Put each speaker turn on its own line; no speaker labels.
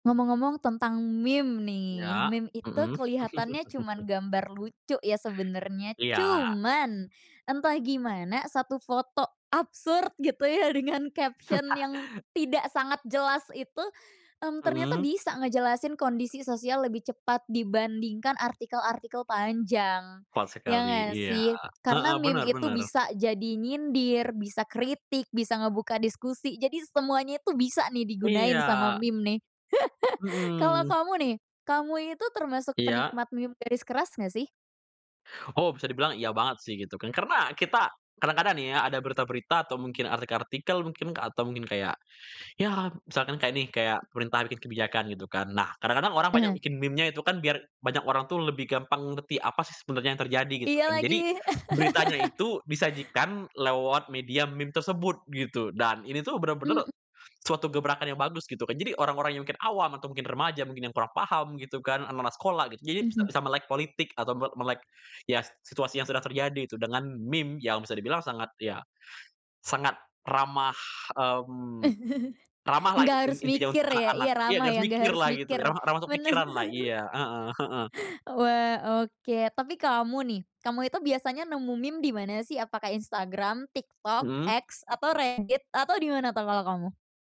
Ngomong-ngomong tentang meme nih.
Ya,
Meme itu
mhm.
keliatannya cuman gambar lucu ya sebenernya,
Iya.
cuman entah gimana satu foto absurd gitu ya dengan caption yang tidak sangat jelas itu, mmm, ternyata
Mhm.
bisa ngejelasin kondisi sosial lebih cepat dibandingkan artikel-artikel panjang,
Kuat
ya
sekali,
nggak
iya.
sih? Karena
Heeh, bener
meme itu
bener.
bisa jadi nyindir, bisa kritik, bisa ngebuka diskusi jadi semuanya itu bisa nih digunain sama
Iya.
meme nih. kalau
Mhm.
kamu nih, kamu ini tuh termasuk
Iya.
penikmat meme garis keras nggak sih?
Oh bisa dibilang iya banget sih gitu kan, karena kita kadang-kadang nih ya ada berita-berita atau mungkin artikel-artikel mungkin, atau mungkin kayak ya misalkan kayak nih, kayak pemerintah bikin kebijakan gitu kan, nah kadang-kadang orang banyak
Heeh.
bikin meme-nya itu kan biar banyak orang tuh lebih gampang ngerti apa sih sebenarnya yang terjadi gitu
Iya
kan. Jadi
lagi
beritanya itu disajikan lewat media meme tersebut gitu. Dan ini tuh bener-bener
Mhm.
suatu gebrakan yang bagus gitu kan. Jadi orang-orang yang mungkin awam atau mungkin remaja mungkin yang kurang paham gitu kan, anak-anak sekolah gitu. Jadi bisa
Mhm.
bisa melek politik atau nggak melek ya s situasi yang sedang terjadi gitu, dengan meme yang bisa dibilang sangat ya, sangat ramah, mmm, ramahlah
Nggak
un
harus
intinya
mikir
untuk
ya
anak-anak.
iya
Ya
ramah
nggak
ya
harus
nggak harus
mikirlah gitu,
mikir,
ramah ramah untuk
bener.
pikiranlah. Iya, heeh heeh.
Wah, oke. Tapi kamu nih, kamu itu biasanya nemu meme dimana sih, apakah Instagram, TikTok,
Mhm.
X, atau Reddit, atau dimana tuh kalau kamu?